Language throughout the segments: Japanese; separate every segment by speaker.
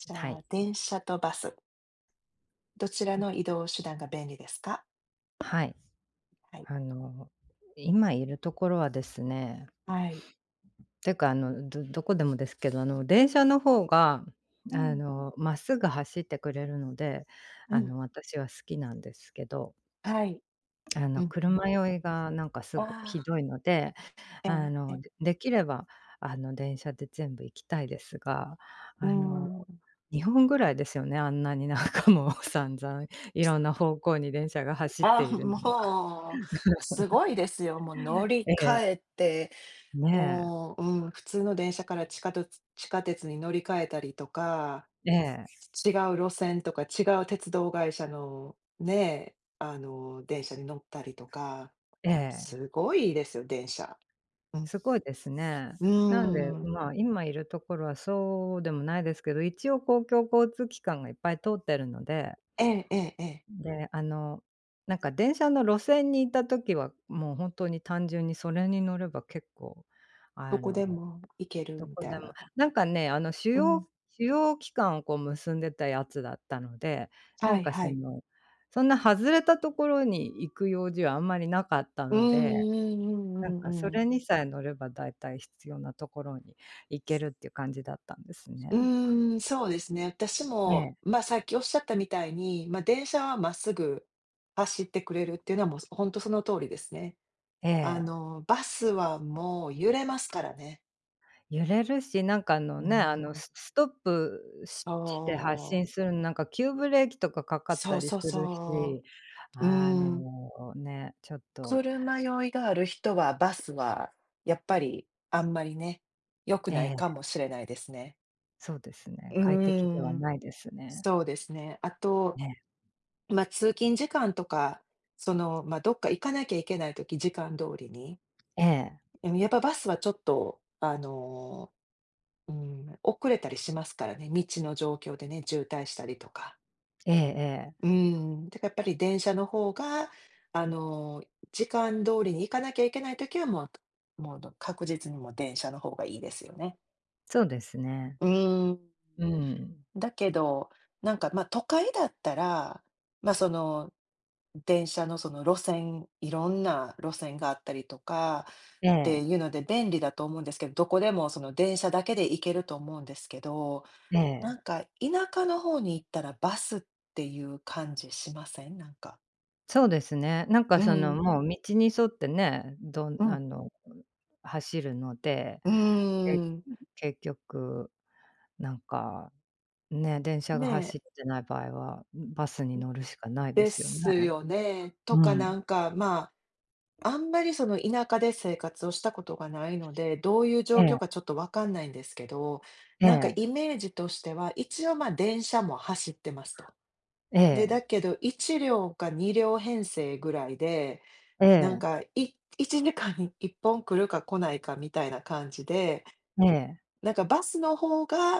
Speaker 1: じ
Speaker 2: は
Speaker 1: ゃ
Speaker 2: い。
Speaker 1: あ、電車とバスどちらの
Speaker 2: ど。
Speaker 1: 移動手段が便利ですか？
Speaker 2: はい。
Speaker 1: はい。
Speaker 2: あの今いるところはですね
Speaker 1: はい。
Speaker 2: ていうか、あのどどこでもですけど、あの電車の方が
Speaker 1: う
Speaker 2: あ
Speaker 1: ん。
Speaker 2: のまっすぐ走ってくれるので、
Speaker 1: う
Speaker 2: あ
Speaker 1: ん。
Speaker 2: の私は好きなんですけど。
Speaker 1: はい。
Speaker 2: あ
Speaker 1: う
Speaker 2: の
Speaker 1: んうんう。
Speaker 2: 車酔いがなんかす
Speaker 1: あ
Speaker 2: ごいひ
Speaker 1: あ。
Speaker 2: どいので、
Speaker 1: え
Speaker 2: あ
Speaker 1: え
Speaker 2: の
Speaker 1: え。
Speaker 2: できればあの電車で全部行きたいですが、
Speaker 1: う
Speaker 2: あの
Speaker 1: ん。
Speaker 2: 日本ぐらいですよね、あんなになんかもう散々いろんな方向に電車が走って
Speaker 1: あ、
Speaker 2: いるのは
Speaker 1: もう、すご いですよ。もう乗り
Speaker 2: え
Speaker 1: 換
Speaker 2: え。
Speaker 1: えて、
Speaker 2: ねえ。
Speaker 1: もう、うん、普通の電車から地下鉄-地下鉄に乗り換えたりとか、
Speaker 2: ええ。
Speaker 1: ち違う路線とか違う鉄道会社の、ね、あの電車に乗ったりとか、
Speaker 2: ええ。
Speaker 1: すごいですよ、電車。うん。
Speaker 2: すごいですね。
Speaker 1: うー
Speaker 2: なんで
Speaker 1: ん。
Speaker 2: まあ、今いるところはそうでもないですけど、一応公共交通機関がいっぱい通ってるので
Speaker 1: ええええええ。
Speaker 2: で、あのなんか電車の路線にいた時は、もう本当に単純にそれに乗れば結構
Speaker 1: ど
Speaker 2: あ
Speaker 1: こで
Speaker 2: の
Speaker 1: も、行ける
Speaker 2: ど
Speaker 1: み
Speaker 2: こ
Speaker 1: た
Speaker 2: で
Speaker 1: い
Speaker 2: も、
Speaker 1: な。
Speaker 2: なんかね、あの主
Speaker 1: う
Speaker 2: 要
Speaker 1: ん。
Speaker 2: 主要機関をこう結んでたやつだったので、な
Speaker 1: は
Speaker 2: ん
Speaker 1: い
Speaker 2: か
Speaker 1: は
Speaker 2: そ
Speaker 1: い。
Speaker 2: のそんな外れたところに行く用事はあんまりなかった
Speaker 1: う
Speaker 2: の
Speaker 1: ん
Speaker 2: で、
Speaker 1: うんう
Speaker 2: なん
Speaker 1: んう
Speaker 2: か
Speaker 1: ん
Speaker 2: そ
Speaker 1: うん。
Speaker 2: れにさえ乗れば大体必要なところに行けるっていう感じだったんですね。
Speaker 1: うーん。そうですね。私
Speaker 2: え
Speaker 1: も、
Speaker 2: え。
Speaker 1: まあ、さっきおっしゃったみたいに、まあ、電車はまっすぐ走ってくれるっていうのはもうほんとその通りですね。
Speaker 2: え
Speaker 1: あ
Speaker 2: え。
Speaker 1: のバスはもう揺れますからね。
Speaker 2: 揺れるし、なんかあの、
Speaker 1: うー
Speaker 2: ね、あの
Speaker 1: ん。
Speaker 2: すストップし
Speaker 1: そ
Speaker 2: して発
Speaker 1: う。
Speaker 2: 進する、なんか、急ブレーキとかかかっ
Speaker 1: そ
Speaker 2: た
Speaker 1: う
Speaker 2: り
Speaker 1: そう
Speaker 2: する
Speaker 1: そ
Speaker 2: し、
Speaker 1: う、う
Speaker 2: あ
Speaker 1: ー
Speaker 2: の
Speaker 1: ん。
Speaker 2: ね、ちょっと。
Speaker 1: 車酔いがある人は、バスは、やっぱり、あんまりね、良く
Speaker 2: え
Speaker 1: ないか
Speaker 2: え。
Speaker 1: もしれないですね。
Speaker 2: そうです
Speaker 1: う
Speaker 2: ね。快適で
Speaker 1: ー
Speaker 2: は
Speaker 1: ん、
Speaker 2: ないですね。
Speaker 1: そうですね。あと、
Speaker 2: ね。
Speaker 1: ま、通勤時間とか、その、ま、どっか行かなきゃいけない時、時間通りに。
Speaker 2: ええ。
Speaker 1: うん、やっぱバスはちょっと、あの、うーん。遅れたりしますからね。道の状況でね、渋滞したりとか。
Speaker 2: ええええ。
Speaker 1: うーん。だからやっぱり電車の方が、あの、時間通りに行かなきゃいけない時はもうもうど確実にもう電車の方がいいですよね。
Speaker 2: そうですね。
Speaker 1: うーん。
Speaker 2: うん。
Speaker 1: だけど、なんか、ま、都会だったら、ま、その、電車のその路線、いろんな路線があったりとか、
Speaker 2: え
Speaker 1: って
Speaker 2: え。
Speaker 1: いうので便利だと思うんですけど、どこでもその電車だけで行けると思うんですけど、
Speaker 2: え
Speaker 1: な
Speaker 2: え。
Speaker 1: んか田舎の方に行ったらバスっていう感じしません？なんか。
Speaker 2: そうですね。なんか
Speaker 1: う
Speaker 2: その
Speaker 1: ん。
Speaker 2: もう道に沿ってね、どん
Speaker 1: う
Speaker 2: あ
Speaker 1: ん。
Speaker 2: の、うん、走るので、
Speaker 1: う
Speaker 2: け
Speaker 1: ん。
Speaker 2: ううん、結局、なんか、ね、電車が
Speaker 1: ね。
Speaker 2: 走ってない場合は、うん、バス
Speaker 1: う
Speaker 2: に
Speaker 1: ん、
Speaker 2: 乗るしかないで
Speaker 1: で
Speaker 2: すよね、
Speaker 1: すよね。と
Speaker 2: う
Speaker 1: か
Speaker 2: ん。
Speaker 1: なんかまあ、あんまりその田舎で生活をしたことがないので、どういう状
Speaker 2: え
Speaker 1: 況
Speaker 2: え。
Speaker 1: かちょっとわかんないんですけど、
Speaker 2: え
Speaker 1: なんか
Speaker 2: え。
Speaker 1: イメージとしては、一応ま、電車も走ってますと。
Speaker 2: え
Speaker 1: で、だ
Speaker 2: え。
Speaker 1: けど1両か2両編成ぐらいで、
Speaker 2: え
Speaker 1: なん
Speaker 2: え。
Speaker 1: かい1時間に1本来るか来ないかみたいな感じで、
Speaker 2: ええ。
Speaker 1: なんかバスの方が、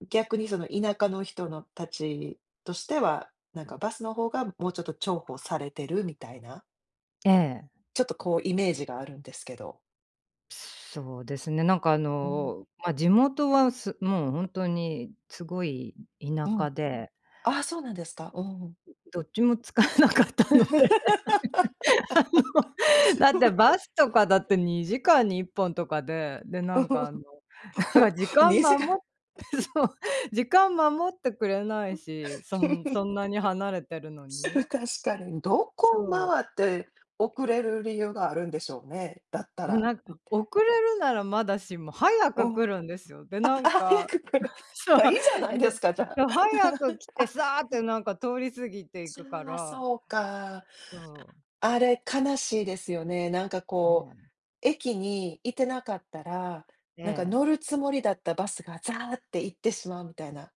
Speaker 1: う逆にその田舎の人のたちとしては、なんかバスの方がもうちょっと重宝されてるみたいな
Speaker 2: ええ。
Speaker 1: ちょっとこうイメージがあるんですけど。
Speaker 2: そうですね、なんかあ
Speaker 1: うん。
Speaker 2: のま、地元はすもうほんとにつごい、う
Speaker 1: う
Speaker 2: 田
Speaker 1: ん。
Speaker 2: 舎で
Speaker 1: ああ、そうなんですか、うん。
Speaker 2: どっちも使えなかったので、あ
Speaker 1: そ
Speaker 2: の、だっ
Speaker 1: う。
Speaker 2: て バスとかだって2時間に1本とかで、でなんか、あの、なんか
Speaker 1: ほ
Speaker 2: 時間
Speaker 1: にじ
Speaker 2: ま
Speaker 1: か
Speaker 2: も
Speaker 1: ん。
Speaker 2: そう、時間守ってくれないし、そんそ んなに離れてるの
Speaker 1: しう
Speaker 2: にう
Speaker 1: 確かにん、どこを
Speaker 2: そう。
Speaker 1: 回って遅れる理由があるんでしょうね、だった
Speaker 2: おう、
Speaker 1: ら、
Speaker 2: なんか
Speaker 1: ん
Speaker 2: 遅れるならまだしも、早
Speaker 1: う
Speaker 2: く
Speaker 1: ん。あ
Speaker 2: 来るんですよ。で、
Speaker 1: あ
Speaker 2: な
Speaker 1: あ、
Speaker 2: ん
Speaker 1: 早
Speaker 2: か
Speaker 1: く来る、
Speaker 2: そう。
Speaker 1: まあ、いいじゃないで
Speaker 2: で
Speaker 1: すかじゃ
Speaker 2: で
Speaker 1: あ、
Speaker 2: 早く 来て
Speaker 1: あ
Speaker 2: サ
Speaker 1: う
Speaker 2: ー
Speaker 1: ん。
Speaker 2: ッなんか通り過ぎてい
Speaker 1: ち
Speaker 2: くか
Speaker 1: ゃ、
Speaker 2: ら
Speaker 1: そうか。
Speaker 2: そう。
Speaker 1: あれ、悲しいですよね。なんか
Speaker 2: え
Speaker 1: こう、
Speaker 2: え。
Speaker 1: 駅にいてなかったら、
Speaker 2: え
Speaker 1: なんか
Speaker 2: え。
Speaker 1: 乗るつもりだったバスが、ザーって行ってしまうみたいな、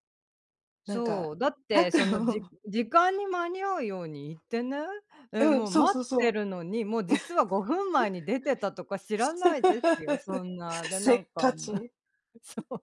Speaker 1: なんか
Speaker 2: そう、だっ
Speaker 1: あ
Speaker 2: て、
Speaker 1: と
Speaker 2: その、じ時間に間に合うように行ってね、え、
Speaker 1: うん、
Speaker 2: もう
Speaker 1: そう
Speaker 2: 待
Speaker 1: そう
Speaker 2: っ
Speaker 1: そ
Speaker 2: て
Speaker 1: う。
Speaker 2: るのに、もう実は5分前に出てたとか知ら
Speaker 1: せ
Speaker 2: ないですよ。そ んな、で、
Speaker 1: せ
Speaker 2: な
Speaker 1: っ
Speaker 2: んか
Speaker 1: か
Speaker 2: あの
Speaker 1: ち。
Speaker 2: そう、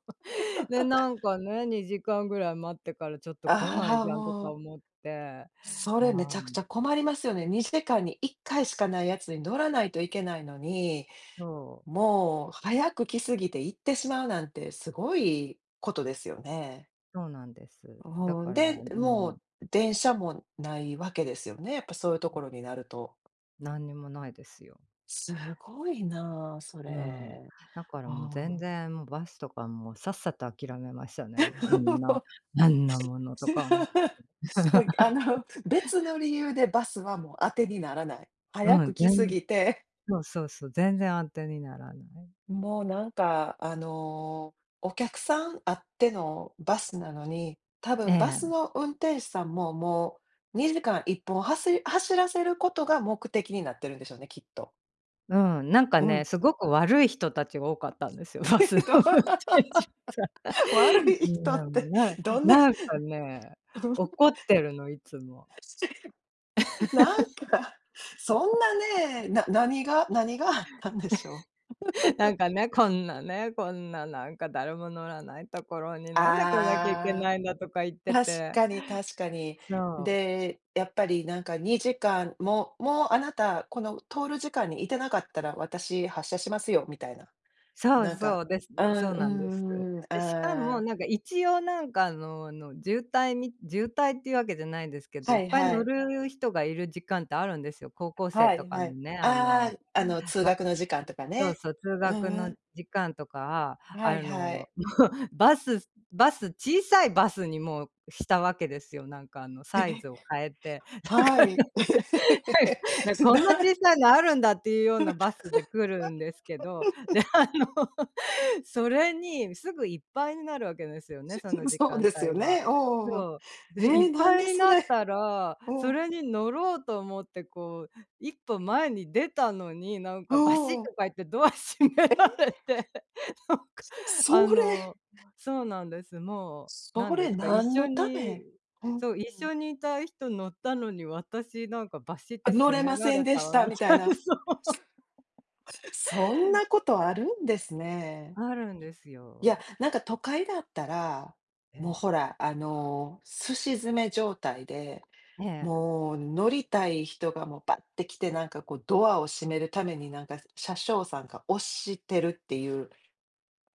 Speaker 2: でなん かね、2時間ぐらい待ってからちょっと来ない
Speaker 1: ああ、
Speaker 2: じゃんと
Speaker 1: も
Speaker 2: か
Speaker 1: う
Speaker 2: 思って、
Speaker 1: そ
Speaker 2: あ
Speaker 1: れめちゃくち
Speaker 2: ん。
Speaker 1: ゃ困りますよね。2時間に1回しかないやつに乗らないといけないのに、
Speaker 2: そう。
Speaker 1: もう早く来すぎて行ってしまうなんて、すごいことですよね。
Speaker 2: そうなんです。だ
Speaker 1: うん、
Speaker 2: から
Speaker 1: で、
Speaker 2: う
Speaker 1: も
Speaker 2: ん。
Speaker 1: う電車もないわけですよね？やっぱそういうと
Speaker 2: う
Speaker 1: こ
Speaker 2: ん。
Speaker 1: ろになると。
Speaker 2: 何にも無いですよ。
Speaker 1: すごいな、そ
Speaker 2: うん。
Speaker 1: れ。
Speaker 2: だから
Speaker 1: あ
Speaker 2: もう全
Speaker 1: あ。
Speaker 2: 然、もうバスとかもう、さっさと諦めましたね、もうあんな あんなものとか思って。
Speaker 1: すごい、あの、別の理由でバスはもう当てにならない、早
Speaker 2: う
Speaker 1: く
Speaker 2: ん。ぜ
Speaker 1: 来過
Speaker 2: ん
Speaker 1: ぎて。
Speaker 2: そうそうそう、全然あてにならない。
Speaker 1: もうなんか、あの、お客さんあってのバスなのに、多
Speaker 2: え
Speaker 1: 分バス
Speaker 2: え。
Speaker 1: の運転手さんも、もう、2時間一本はし走らせることが目的になってるんでしょうね、きっと。
Speaker 2: うん。なんか
Speaker 1: うん。
Speaker 2: ね、すごく悪い人たちが多かったんですよ、バスの
Speaker 1: ど
Speaker 2: 運転手さ
Speaker 1: 悪
Speaker 2: ん
Speaker 1: い
Speaker 2: う
Speaker 1: 人っ
Speaker 2: ん。もう
Speaker 1: て
Speaker 2: なん
Speaker 1: どんな
Speaker 2: なんかね、
Speaker 1: どんし
Speaker 2: 怒ってるのいつも。
Speaker 1: なんか、そんなね、な何が何があったんでしょ
Speaker 2: なんかね、「こん
Speaker 1: う。
Speaker 2: なね、こんな、なんか、誰も乗らないところに、なんで来なきゃいけ
Speaker 1: あ
Speaker 2: ないんだ」とか言っ
Speaker 1: あ。
Speaker 2: て
Speaker 1: 確
Speaker 2: て、
Speaker 1: かに確かに。
Speaker 2: そう。
Speaker 1: で、やっぱりなんか2時間ももうあなた、この通る時間に居てなかったら私発車しますよ、みたいな。
Speaker 2: そう
Speaker 1: なん
Speaker 2: そ
Speaker 1: か
Speaker 2: う、です、
Speaker 1: う
Speaker 2: で、そ
Speaker 1: ん
Speaker 2: う
Speaker 1: う
Speaker 2: なんです。
Speaker 1: んうんうん。
Speaker 2: で、しか
Speaker 1: あ
Speaker 2: も、な
Speaker 1: あ。
Speaker 2: んか一応なんか、あのあの、渋滞み渋滞っていうわけじゃないんですけど、
Speaker 1: は
Speaker 2: いっ
Speaker 1: い
Speaker 2: ぱい
Speaker 1: は
Speaker 2: 乗
Speaker 1: い。
Speaker 2: る人が居る時間ってあるんですよ。高校生
Speaker 1: は
Speaker 2: と
Speaker 1: い
Speaker 2: か
Speaker 1: は
Speaker 2: の
Speaker 1: い。
Speaker 2: ね、あの
Speaker 1: あ
Speaker 2: だ
Speaker 1: あの通 学の時間とか
Speaker 2: そう
Speaker 1: ね。
Speaker 2: そう、通
Speaker 1: う
Speaker 2: 学
Speaker 1: んう
Speaker 2: の
Speaker 1: ん。
Speaker 2: 時間とか、
Speaker 1: はい
Speaker 2: あ
Speaker 1: は
Speaker 2: の、
Speaker 1: い。
Speaker 2: バスバス、小さいバスにもうしたわけですよ。なんかあの
Speaker 1: え。
Speaker 2: サイズを変えて、だ
Speaker 1: は
Speaker 2: から、
Speaker 1: い。
Speaker 2: 「な
Speaker 1: て
Speaker 2: こ
Speaker 1: な
Speaker 2: んな小
Speaker 1: ん
Speaker 2: さいのあるんだ」っていうようなバスで来るんですけど、で、あの、それに、すぐいっぱいになるわけですよね、
Speaker 1: し
Speaker 2: その
Speaker 1: す
Speaker 2: 時
Speaker 1: そう
Speaker 2: 間
Speaker 1: です
Speaker 2: 帯
Speaker 1: よ
Speaker 2: は。
Speaker 1: ね。おうおうおう。
Speaker 2: そう、で、い
Speaker 1: え、
Speaker 2: っ
Speaker 1: なん
Speaker 2: ぱい
Speaker 1: で
Speaker 2: に
Speaker 1: そ
Speaker 2: なっ
Speaker 1: れ
Speaker 2: たら、
Speaker 1: う
Speaker 2: そ
Speaker 1: ん。
Speaker 2: れに乗ろうと思ってこう、一歩前に出たのに、なん
Speaker 1: お
Speaker 2: かバシッ
Speaker 1: お。
Speaker 2: とか言ってドア閉め
Speaker 1: え？
Speaker 2: られて、なんか
Speaker 1: せ
Speaker 2: あ
Speaker 1: それ
Speaker 2: の、そうなんです。もう、な
Speaker 1: そ
Speaker 2: んで
Speaker 1: れ
Speaker 2: すか、一
Speaker 1: 何
Speaker 2: 緒
Speaker 1: のため？
Speaker 2: に
Speaker 1: うんうん
Speaker 2: そう一
Speaker 1: うん。
Speaker 2: 緒に居た人乗ったのに、私なんかバシッ
Speaker 1: あ、
Speaker 2: て
Speaker 1: 乗
Speaker 2: 閉
Speaker 1: れ
Speaker 2: め
Speaker 1: ま
Speaker 2: ら
Speaker 1: せん
Speaker 2: れ
Speaker 1: で
Speaker 2: た
Speaker 1: した、
Speaker 2: み
Speaker 1: みた
Speaker 2: た
Speaker 1: い
Speaker 2: いな、
Speaker 1: な。
Speaker 2: そう。
Speaker 1: すそんなことあるんですね。
Speaker 2: あるんです
Speaker 1: いや、
Speaker 2: よ。
Speaker 1: なんか都会だったら、もう
Speaker 2: え
Speaker 1: ほ
Speaker 2: え。
Speaker 1: ら、あの、寿司詰め状態で、
Speaker 2: ええ。
Speaker 1: もう乗りたい人がもう、バッて来てなんかこう、ドアを閉めるためになんか、車掌さんが押してるっていう、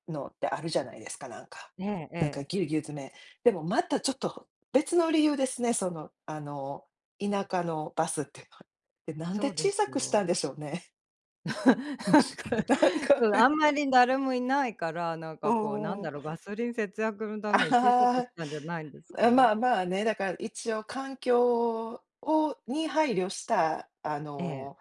Speaker 1: のってあるじゃないですか、なんか
Speaker 2: ええ
Speaker 1: なんか
Speaker 2: ええ。
Speaker 1: ぎゅうぎゅう詰め。でもまたちょっと、別の理由ですね。そのあの、
Speaker 2: う
Speaker 1: 田
Speaker 2: ん。
Speaker 1: 舎のバスっての。え、なん
Speaker 2: そ
Speaker 1: で
Speaker 2: うで
Speaker 1: 小さ
Speaker 2: す
Speaker 1: くしたん
Speaker 2: よ。
Speaker 1: でしょうね。な ん
Speaker 2: なんか、
Speaker 1: か
Speaker 2: あんまり誰もいないから、なん
Speaker 1: う
Speaker 2: かこうなん
Speaker 1: ーん。
Speaker 2: だろう、ガソリン節約のために小さく
Speaker 1: あ
Speaker 2: したんじゃないんです
Speaker 1: あ、
Speaker 2: か。
Speaker 1: まあまあね、だから一応環境をに配慮したあ
Speaker 2: ええ。
Speaker 1: の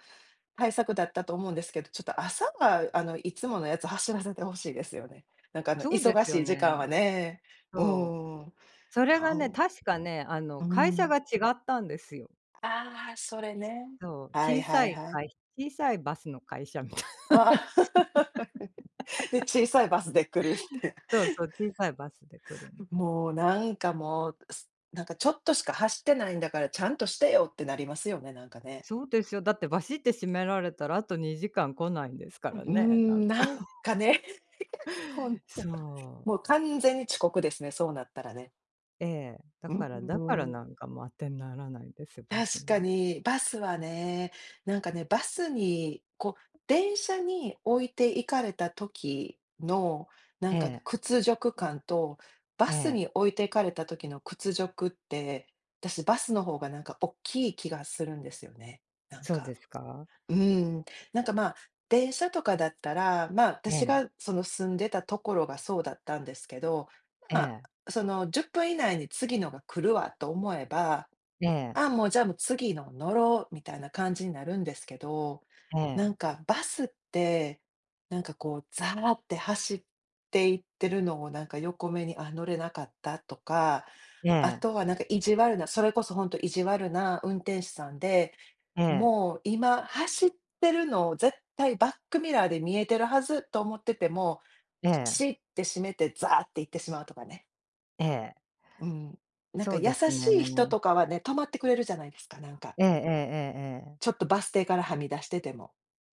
Speaker 1: 対策だったと思うんですけど、ちょっと朝はあのいつものやつを走らせて欲しいですよね。なんかあの
Speaker 2: そうで
Speaker 1: 忙
Speaker 2: すよ
Speaker 1: しい時
Speaker 2: ね。
Speaker 1: 間はね。う
Speaker 2: そう、
Speaker 1: ーん。
Speaker 2: それ
Speaker 1: た
Speaker 2: がね、
Speaker 1: ん
Speaker 2: 確かね、あ
Speaker 1: う
Speaker 2: の会社が
Speaker 1: ん。
Speaker 2: 違ったんですよ。
Speaker 1: ああ、それね。
Speaker 2: そう、
Speaker 1: はい
Speaker 2: 小
Speaker 1: は
Speaker 2: さ
Speaker 1: い
Speaker 2: い
Speaker 1: はい。
Speaker 2: 会小さいバスの会社みたいな。
Speaker 1: ああ、で、小さいバ スで来るって。
Speaker 2: そうそう、小さいバスで来るんです。
Speaker 1: もう、なんかもう、すなんか「ちょっとしか走ってないんだからちゃんとしてよ」ってなりますよね、なんかね。
Speaker 2: そうですよ、だってバシッて閉められたらあと2時間来ないんですか
Speaker 1: うう
Speaker 2: ら
Speaker 1: ー
Speaker 2: ね、なん
Speaker 1: ん、
Speaker 2: か。
Speaker 1: なんか ね、ほんと、
Speaker 2: そう。
Speaker 1: もう完全に遅刻ですね、そうなったらね。
Speaker 2: ええ、だ
Speaker 1: うー
Speaker 2: からだからなん
Speaker 1: ん。
Speaker 2: かもう当てにならないんですよ、バス
Speaker 1: 確
Speaker 2: な
Speaker 1: か
Speaker 2: んて。
Speaker 1: に、バスはね、なんかね、バスに、こう、電車に置いて行かれた時の、なん
Speaker 2: え
Speaker 1: か
Speaker 2: え。
Speaker 1: 屈辱感と、バ
Speaker 2: え
Speaker 1: ス
Speaker 2: え。
Speaker 1: に置いて行かれた時の屈辱って、私バスの方がなんかおっきい気がするんですよね、なん
Speaker 2: そう
Speaker 1: か。
Speaker 2: ですか。
Speaker 1: うーん。なんかま、電車とかだったら、ま、
Speaker 2: う
Speaker 1: 私
Speaker 2: ん。
Speaker 1: がその住んでたところがそうだったんですけど、
Speaker 2: え
Speaker 1: ま、
Speaker 2: え。
Speaker 1: その「10分以内に次のが来るわ」と思えば、
Speaker 2: ええ。
Speaker 1: 「あ、もうじゃあ、もう次の乗ろう」みたいな感じになるんですけど、
Speaker 2: ええ。
Speaker 1: なんか、バスって、なんかこう、ざらって走っていってるのをなんか横目に「あっ乗れなかった」とか、
Speaker 2: え
Speaker 1: あ
Speaker 2: え。
Speaker 1: とはなんか意地悪な、それこそ本当意地悪な運転手さんで、
Speaker 2: ええ。
Speaker 1: 「もう今走ってるのを絶対バックミラーで見えてるはず」と思ってても、
Speaker 2: え
Speaker 1: ピ
Speaker 2: え。
Speaker 1: シって閉めてざって行ってしまうとかね。
Speaker 2: ええ。
Speaker 1: うん。なんか
Speaker 2: そう
Speaker 1: 優
Speaker 2: です
Speaker 1: しい人
Speaker 2: ね。
Speaker 1: とかはね、停まってくれるじゃないですか、なんか。
Speaker 2: ええええええええ。
Speaker 1: ちょっとバス停からはみ出してても。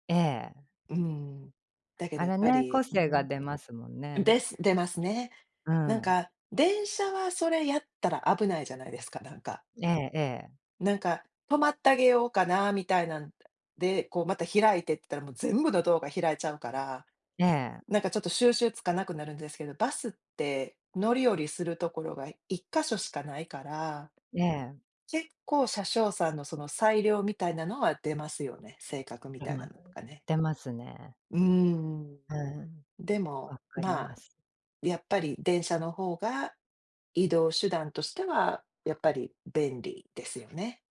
Speaker 2: ええ。
Speaker 1: うーん。だけど
Speaker 2: あ
Speaker 1: やっ
Speaker 2: れ
Speaker 1: ぱ
Speaker 2: ね、
Speaker 1: り、
Speaker 2: 個
Speaker 1: うー
Speaker 2: 性が
Speaker 1: ん。
Speaker 2: 出ますもんね。
Speaker 1: です出ますね。
Speaker 2: う
Speaker 1: なん
Speaker 2: ん。
Speaker 1: か電車はそれやったら危ないじゃないですか、なんか。
Speaker 2: ええええ。
Speaker 1: なんか、停まってあげようかな、みたいなんで、こうまた開いてって言ったらもう全部のドアが開いちゃうから、
Speaker 2: ええ。
Speaker 1: なんかちょっと収集つかなくなるんですけど、バスって乗り降りするところが1か所しかないから、
Speaker 2: ええ。
Speaker 1: 結構車掌さんのその裁量みたいなのは出ますよね。性格み
Speaker 2: あ、
Speaker 1: たいな
Speaker 2: ま、
Speaker 1: のとかね。
Speaker 2: 出ますね。
Speaker 1: うーん。
Speaker 2: うん、
Speaker 1: でも、
Speaker 2: 分かり
Speaker 1: ま
Speaker 2: ま
Speaker 1: あ
Speaker 2: す。
Speaker 1: やっぱり電車の方が、移動手段としては、やっぱり便利ですよね。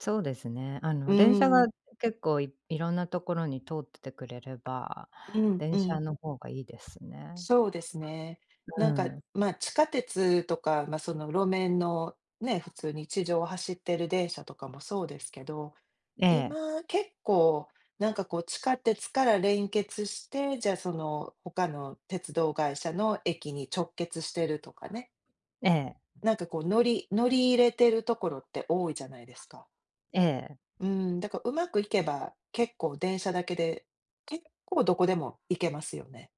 Speaker 2: そうですね。あ
Speaker 1: う
Speaker 2: の電車
Speaker 1: ー
Speaker 2: が
Speaker 1: ん。
Speaker 2: 結構いいろんなところに通っててくれれば、
Speaker 1: うんう
Speaker 2: 電車
Speaker 1: ん。
Speaker 2: の方がいいですね。
Speaker 1: そうですね。
Speaker 2: う
Speaker 1: なんか、
Speaker 2: ーん。
Speaker 1: まあ地下鉄とかまその路面の、ね、普通に地上を走ってる電車とかもそうですけど、
Speaker 2: ええ。
Speaker 1: 今結構、なんかこう地下鉄から連結して、じゃあその他の鉄道会社の駅に直結してるとかね。
Speaker 2: ええ。
Speaker 1: なんかこう乗り乗り入れてるところって多いじゃないですか。
Speaker 2: ええ。
Speaker 1: うーん、だからうまくいけば、結構電車だけで、結構どこでも行けますよね。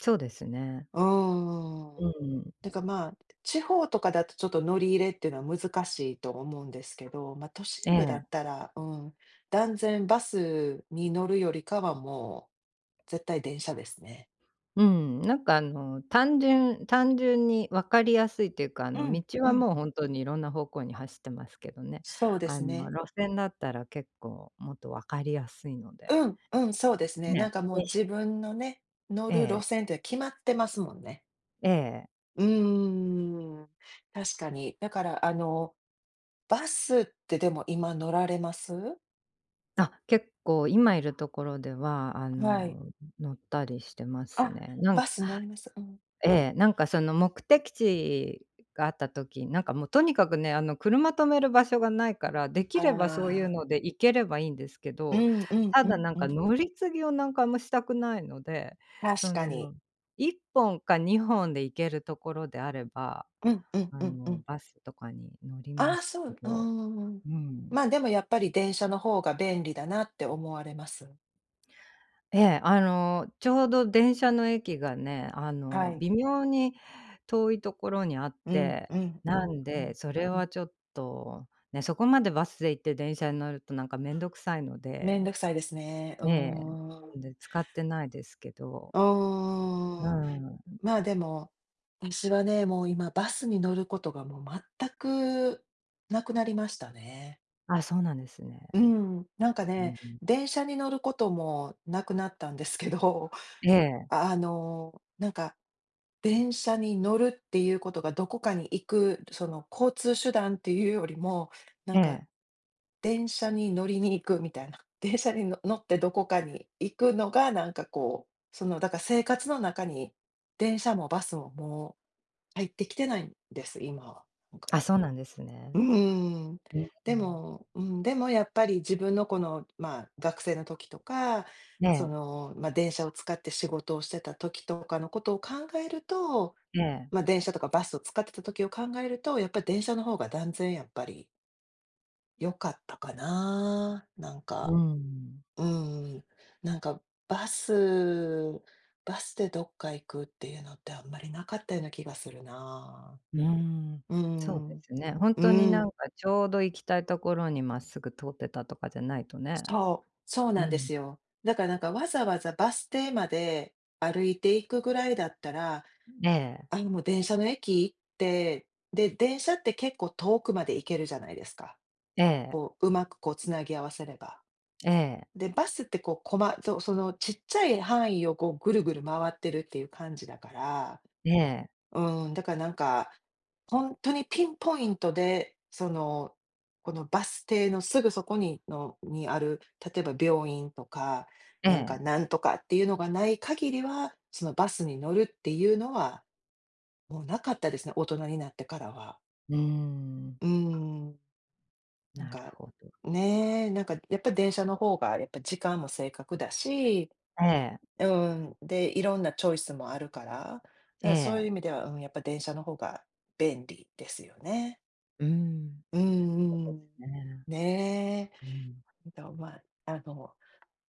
Speaker 2: そうですね。
Speaker 1: うー
Speaker 2: う
Speaker 1: ん。
Speaker 2: ーん。
Speaker 1: てかまあ、地方とかだとちょっと乗り入れっていうのは難しいと思うんですけど、ま、都心部だ
Speaker 2: ええ。
Speaker 1: ったら、うん、断然バスに乗るよりかはもう、絶対電車ですね。
Speaker 2: うん、なんかあの、単純単純に分かりやすいというか、あ
Speaker 1: う
Speaker 2: の
Speaker 1: ん
Speaker 2: 道
Speaker 1: う
Speaker 2: は
Speaker 1: ん。
Speaker 2: もう本当にいろんな方向に走ってますけどね。
Speaker 1: そうで
Speaker 2: あ
Speaker 1: す
Speaker 2: の、
Speaker 1: ね。
Speaker 2: 路線だったら結構もっと分かりやすいので
Speaker 1: うんうん、そうですね
Speaker 2: ね。
Speaker 1: なんかもう
Speaker 2: にし
Speaker 1: 自分のね、乗
Speaker 2: え
Speaker 1: る路
Speaker 2: え。
Speaker 1: 線って決まってますもんね。
Speaker 2: ええ。
Speaker 1: うーん、確かに、だからあの、バスってでも、今乗られます？
Speaker 2: あ、結構今いるところではあ
Speaker 1: はい。
Speaker 2: の乗ったりしてます
Speaker 1: あ、
Speaker 2: ね。なん
Speaker 1: バス乗ります、うん。
Speaker 2: ええ、なんかその目的地があった時、なんかもうとにかくね、あの車停める場所がないから、でき
Speaker 1: あ
Speaker 2: ればそういう
Speaker 1: あ。
Speaker 2: ので行ければいいんですけ
Speaker 1: うー
Speaker 2: ど、
Speaker 1: んうん
Speaker 2: た
Speaker 1: う
Speaker 2: だ
Speaker 1: ん
Speaker 2: なん
Speaker 1: う
Speaker 2: か
Speaker 1: ん。
Speaker 2: 乗り継ぎをなんかあんましたくないので、
Speaker 1: 確
Speaker 2: そ
Speaker 1: かに。
Speaker 2: の1本か2本で行けるところであれば、
Speaker 1: うんうん
Speaker 2: あ
Speaker 1: うんう
Speaker 2: の、
Speaker 1: ん。
Speaker 2: バスとかに乗り
Speaker 1: あ
Speaker 2: ま
Speaker 1: あ、
Speaker 2: す
Speaker 1: そ
Speaker 2: け
Speaker 1: う。う
Speaker 2: ど
Speaker 1: ーん。
Speaker 2: うーん。
Speaker 1: ま、でもやっぱり電車の方が便利だなって思われます？
Speaker 2: ええ、あの、ちょうど電車の駅がね、あ
Speaker 1: は
Speaker 2: の、
Speaker 1: い。
Speaker 2: 微妙に遠いところにあっ
Speaker 1: うん
Speaker 2: て、
Speaker 1: うんう
Speaker 2: な
Speaker 1: ん
Speaker 2: ん
Speaker 1: う
Speaker 2: で、
Speaker 1: ん
Speaker 2: それ
Speaker 1: う
Speaker 2: は
Speaker 1: ん。
Speaker 2: ちょっと、ね、そこまでバスで行って電車に乗るとなんかめんどくさいの
Speaker 1: めん
Speaker 2: で。
Speaker 1: どくさいですね。う
Speaker 2: ええ、
Speaker 1: ーん。
Speaker 2: なんで使ってないですけど。
Speaker 1: う
Speaker 2: う
Speaker 1: ーん。
Speaker 2: ーん。
Speaker 1: ま、でも、私はね、もう今バスに乗ることがもう全くなくなりましたね。
Speaker 2: あ、そうなんですね。
Speaker 1: うーん、なんか
Speaker 2: う
Speaker 1: ね、
Speaker 2: んうん。
Speaker 1: 電車に乗ることもなくなったんですけど、
Speaker 2: ええ。
Speaker 1: あのなんか、電車に乗るっていうことがどこかに行く、その交通手段っていうよりも、な
Speaker 2: え
Speaker 1: んか、
Speaker 2: え。
Speaker 1: 電車に乗りに行くみたいな。電車にの乗ってどこかに行くのが、なんか、こう、その、だから生活の中に電車もバスも、もう入ってきてないんです、今は、なんか。
Speaker 2: あ、そうなんですね。
Speaker 1: うーん。
Speaker 2: うんう
Speaker 1: で
Speaker 2: ん。
Speaker 1: もうん、でもやっぱり自分のこの、ま、学生の時とか、そ
Speaker 2: ね。
Speaker 1: の、ま、電車を使って仕事をしてた時とかのことを考えると、
Speaker 2: ええ。
Speaker 1: ま、電車とかバスを使ってた時を考えると、やっぱ電車の方が断然やっぱり良かったかな、なん
Speaker 2: う
Speaker 1: か。
Speaker 2: ん。
Speaker 1: うーん、なんか、バスバスでどっか行くっていうのってあんまりなかったような気がするな、
Speaker 2: うーん、
Speaker 1: うー
Speaker 2: そうで
Speaker 1: ん
Speaker 2: すね。本
Speaker 1: う
Speaker 2: 当になん
Speaker 1: ん。
Speaker 2: かちょうど行きたいところにまっすぐ通ってたとかじゃないとね、
Speaker 1: そうそう
Speaker 2: う
Speaker 1: なんで
Speaker 2: ん。
Speaker 1: すよ。だからなんかわざわざバス停まで、歩いて行くぐらいだったら、
Speaker 2: ええ。
Speaker 1: あのもう電車の駅行って、で、電車って結構遠くまで行けるじゃないですか。
Speaker 2: ええ。
Speaker 1: こう、うまくこう繋ぎ合わせれば。
Speaker 2: ええ。
Speaker 1: で、バスってこうこまそのちっちゃい範囲をこう、ぐるぐる回ってるっていう感じだから。
Speaker 2: ええ。
Speaker 1: うーん、だからなんか、本当にピンポイントで、その、このバス停のすぐそこにのにある、例えば病院とか、
Speaker 2: え
Speaker 1: なんか
Speaker 2: え。
Speaker 1: なんとかっていうのがない限りは、そのバスに乗るっていうのは、もうなかったですね、大人になってからは。
Speaker 2: うーん。
Speaker 1: うーん。なん
Speaker 2: なる
Speaker 1: か
Speaker 2: ほど。
Speaker 1: ねえ、なんか、やっぱ電車の方がやっぱ時間も正確だし、
Speaker 2: ええ。
Speaker 1: うーん、で、いろんなチョイスもあるから、だか
Speaker 2: え
Speaker 1: らそういう
Speaker 2: え。
Speaker 1: 意味では、うん、やっぱ電車の方が、便利、ですよね。
Speaker 2: うーん、
Speaker 1: うんうん、
Speaker 2: そうですね。
Speaker 1: ね
Speaker 2: う
Speaker 1: え。
Speaker 2: ん。
Speaker 1: あとまあ、あの、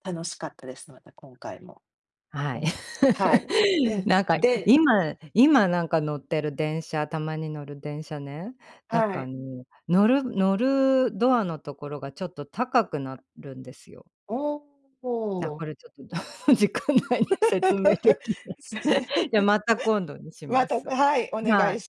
Speaker 1: 楽しかったです、また今回も。
Speaker 2: は
Speaker 1: う
Speaker 2: い。
Speaker 1: ん、はい、う ん、
Speaker 2: なんか
Speaker 1: でん
Speaker 2: 今今なんか乗ってる電車、たまに乗る電車ね、なん
Speaker 1: は
Speaker 2: かあ
Speaker 1: い。
Speaker 2: の、乗る乗る、ドアのところがちょっと高くなるんですよ。
Speaker 1: お
Speaker 2: あ
Speaker 1: お。
Speaker 2: これちょっと時間 内に説明できない。じゃまた今度にし
Speaker 1: ま
Speaker 2: ま
Speaker 1: た
Speaker 2: す、
Speaker 1: はい、お
Speaker 2: は
Speaker 1: 願い
Speaker 2: い。
Speaker 1: し